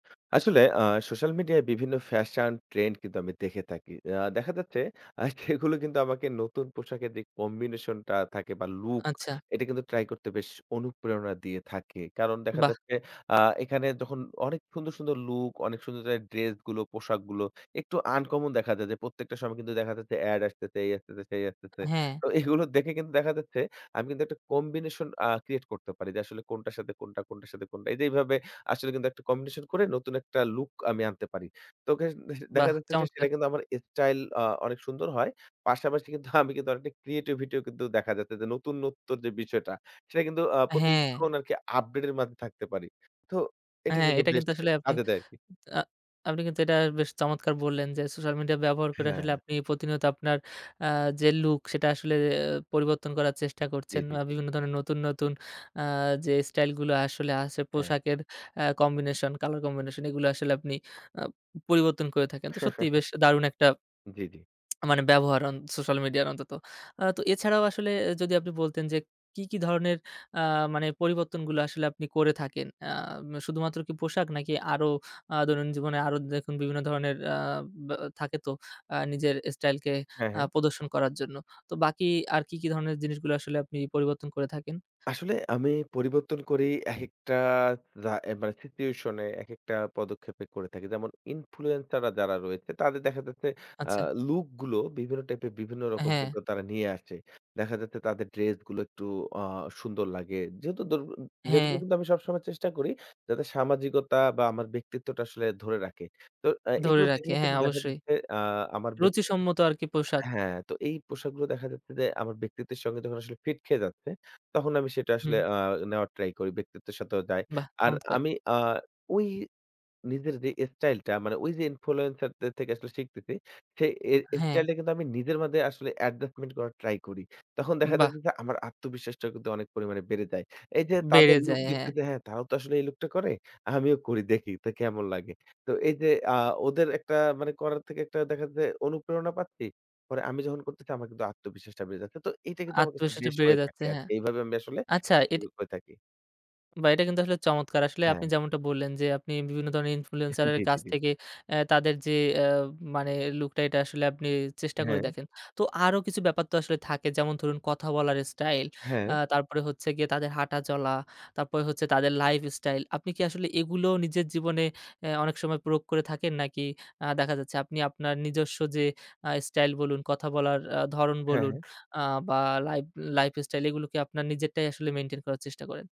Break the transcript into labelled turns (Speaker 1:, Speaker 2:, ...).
Speaker 1: আসলে আ সোশ্যাল মিডিয়ায় বিভিন্ন ফ্যাশন ট্রেন্ড কিন্তু আমি দেখে থাকি। আ দেখা যাচ্ছে আ সেগুলো কিন্তু আমাকে নতুন পোশাকের যে combination টা থাকে বা লুক
Speaker 2: আচ্ছা।
Speaker 1: এটা কিন্তু ট্রাই করতে বেশ অনুপ্রেরণা দিয়ে থাকে। কারণ, দেখা
Speaker 2: বাহ!
Speaker 1: যাচ্ছে আ এখানে যখন অনেক সুন্দর সুন্দর লুক, অনেক সুন্দর, সুন্দর ড্রেস গুলো, পোশাকগুলো একটু আনকমন দেখা যায় যে প্রত্যেকটা সময় কিন্তু দেখা যাচ্ছে এড আসতেছে, এই আসতেছে, সেই আসতেছে।
Speaker 2: হ্যা।
Speaker 1: তো এগুলো দেখে কিন্তু দেখা যাচ্ছে আমি কিন্তু একটা combination আ create করতে পারি যে আসলে কোনটার সাথে কোনটা কোনটার সাথে কোনটা। এইটা এইভাবে আসলে কিন্তু একটা combination করে নতুন একটা লুক আমি আনতে পারি। তো কে দে
Speaker 2: বাহ!
Speaker 1: দেখা যাচ্ছে
Speaker 2: চমৎকার।
Speaker 1: সেটা কিন্তু আমার স্টাইল আ অনেক সুন্দর হয়। পাশাপাশি কিন্তু আমি কিন্তু আর একটা ক্রিয়েটিভিটিও কিন্তু দেখা যাচ্ছে যে নতুনত্ব যে বিষয়টা সেটা কিন্তু আ প্রতিক্ষণ
Speaker 2: হ্যা।
Speaker 1: আরকি আপডেট এর মধ্যে থাকতে পারি। তো
Speaker 2: হ্যা,
Speaker 1: এটা কিন্তু
Speaker 2: এটা
Speaker 1: বেশ
Speaker 2: কিন্তু আসলে আপনি
Speaker 1: কাজে দেয় আরকি।
Speaker 2: আ আপনি কিন্তু এটা বেশ চমৎকার বললেন, যে সোশ্যাল মিডিয়া ব্যবহার করে
Speaker 1: হ্যা।
Speaker 2: আসলে আপনি প্রতিনিয়ত আপনার আ যে লুক সেটা আসলে পরিবর্তন করার চেষ্টা
Speaker 1: জি,
Speaker 2: করছেন,
Speaker 1: জি,
Speaker 2: বা
Speaker 1: জি।
Speaker 2: বিভিন্ন ধরনের নতুন নতুন আ যে স্টাইল গুলো আসলে আছে
Speaker 1: হ্যা।
Speaker 2: পোশাকের আ কম্বিনেশন, কালার কম্বিনেশন এগুলো আসলে আপনি আ পরিবর্তন করে থাকেন। তো সত্যিই বেশ দারুণ একটা
Speaker 1: জি, জি।
Speaker 2: মানে ব্যবহার হন সোশ্যাল মিডিয়া অন্তত। আ তো এছাড়াও আসলে যদি আপনি বলতেন যে কি কি ধরনের আ মানে পরিবর্তনগুলো আসলে আপনি করে থাকেন। আ শুধুমাত্র কি পোশাক নাকি আরো আ দৈনন্দিন জীবনে আরো দেখুন বিভিন্ন ধরনের আ বা থাকে তো আ নিজের স্টাইলকে
Speaker 1: হ্যা,
Speaker 2: আ
Speaker 1: হ্যা।
Speaker 2: প্রদর্শন করার জন্য। তো বাকি আর কি কি ধরনের জিনিসগুলো আসলে আপনি পরিবর্তন করে থাকেন?
Speaker 1: আসলে আমি পরিবর্তন করি একেকটা আ মানে সিচুয়েশন এ একেকটা পদক্ষেপে করে থাকি। যেমন ইনফ্লুয়েন্সার রা যারা রয়েছে তাদের দেখা যাচ্ছে আ
Speaker 2: আচ্ছা।
Speaker 1: লুক গুলো বিভিন্ন টাইপের বিভিন্ন রকম
Speaker 2: হ্যা।
Speaker 1: কিন্তু তারা নিয়ে আসে। দেখা যাচ্ছে তাদের ড্রেস গুলো একটু আ সুন্দর লাগে। যেহেতু ড্রেস গুলো
Speaker 2: হ্যা।
Speaker 1: কিন্তু আমি সবসময় চেষ্টা করি যাতে সামাজিকতা বা আমার ব্যক্তিত্বটা আসলে ধরে রাখে। তো আ
Speaker 2: ধরে
Speaker 1: এগুলো
Speaker 2: রাখি,
Speaker 1: দেখলে
Speaker 2: হ্যা
Speaker 1: কিন্তু দেখা
Speaker 2: অবশ্যই।
Speaker 1: যাচ্ছে আ আমার ব্যক্তি
Speaker 2: রুচি সম্মত আরকি পোশাক।
Speaker 1: হ্যা, তো এই পোশাকগুলো দেখা যাচ্ছে যে আমার ব্যক্তিত্বের সঙ্গে যখন আসলে ফিট খেয়ে যাচ্ছে তখন আমি সেটা আসলে
Speaker 2: হুম।
Speaker 1: আ নেওয়ার ট্রাই করি। ব্যক্তিত্বের সাথেও যাই।
Speaker 2: বাহ!
Speaker 1: আর
Speaker 2: চমৎকার।
Speaker 1: আমি আ ঐ নিজের যে স্টাইল টা মানে ওই যে ইনফ্লুয়েন্সার থেকে আসলে শিখতেছি সেই এ
Speaker 2: হ্যা।
Speaker 1: স্টাইল টা কিন্তু আমি নিজের মধ্যে আসলে adjustment করার ট্রাই করি। তখন দেখা
Speaker 2: বাহ!
Speaker 1: যাচ্ছে যে আমার আত্মবিশ্বাসটা কিন্তু অনেক পরিমাণে বেড়ে যায়। এই যে তাদের
Speaker 2: বেড়ে
Speaker 1: লুক
Speaker 2: যায় হ্যা।
Speaker 1: দেখতেছে হ্যা তারাও তো আসলে এই লুকটা করে। আমিও করি দেখি তো কেমন লাগে। তো এই যে আ ওদের একটা মানে করার থেকে একটা দেখা যে অনুপ্রেরণা পাচ্ছি। পরে আমি যখন করতেছি আমার আত্মবিশ্বাসটা বেড়ে যাচ্ছে। তো এইটা কিন্তু আমার
Speaker 2: আত্মবিশ্বাস
Speaker 1: বেশ
Speaker 2: বেড়ে
Speaker 1: হয়ে
Speaker 2: যাচ্ছে
Speaker 1: থাকি
Speaker 2: হ্যা।
Speaker 1: আরকি। এইভাবে আমি আসলে
Speaker 2: আচ্ছা
Speaker 1: ড্রেস
Speaker 2: এটা
Speaker 1: গুলা পরে থাকি।
Speaker 2: বাহ! এটা কিন্তু আসলে চমৎকার। আসলে আপনি
Speaker 1: হ্যা।
Speaker 2: যেমনটা বললেন যে আপনি বিভিন্ন ধরনের ইনফ্লুয়েন্সার এর
Speaker 1: জি, জি,
Speaker 2: কাছ
Speaker 1: জি।
Speaker 2: থেকে অ্যা তাদের যে আ মানে লুকটা এটা আসলে আপনি চেষ্টা করে
Speaker 1: হ্যা।
Speaker 2: দেখেন। তো আরো কিছু ব্যাপার তো আসলে থাকে যেমন ধরুন কথা বলার স্টাইল, আ
Speaker 1: হ্যা।
Speaker 2: তারপরে হচ্ছে গিয়ে তাদের হাঁটা চলা, তারপরে হচ্ছে তাদের লাইফ স্টাইল, আপনি কি আসলে এগুলো নিজের জীবনে আ অনেক সময় প্রয়োগ করে থাকেন? নাকি আ দেখা যাচ্ছে আপনি আপনার নিজস্ব যে আ স্টাইল বলুন, কথা বলার আ ধরন
Speaker 1: হ্যা,
Speaker 2: বলুন
Speaker 1: হ্যা।
Speaker 2: আ বা লাইফ লাইফ স্টাইল এগুলো কি আপনার নিজেরটাই আসলে মেইনটেইন করার চেষ্টা করেন।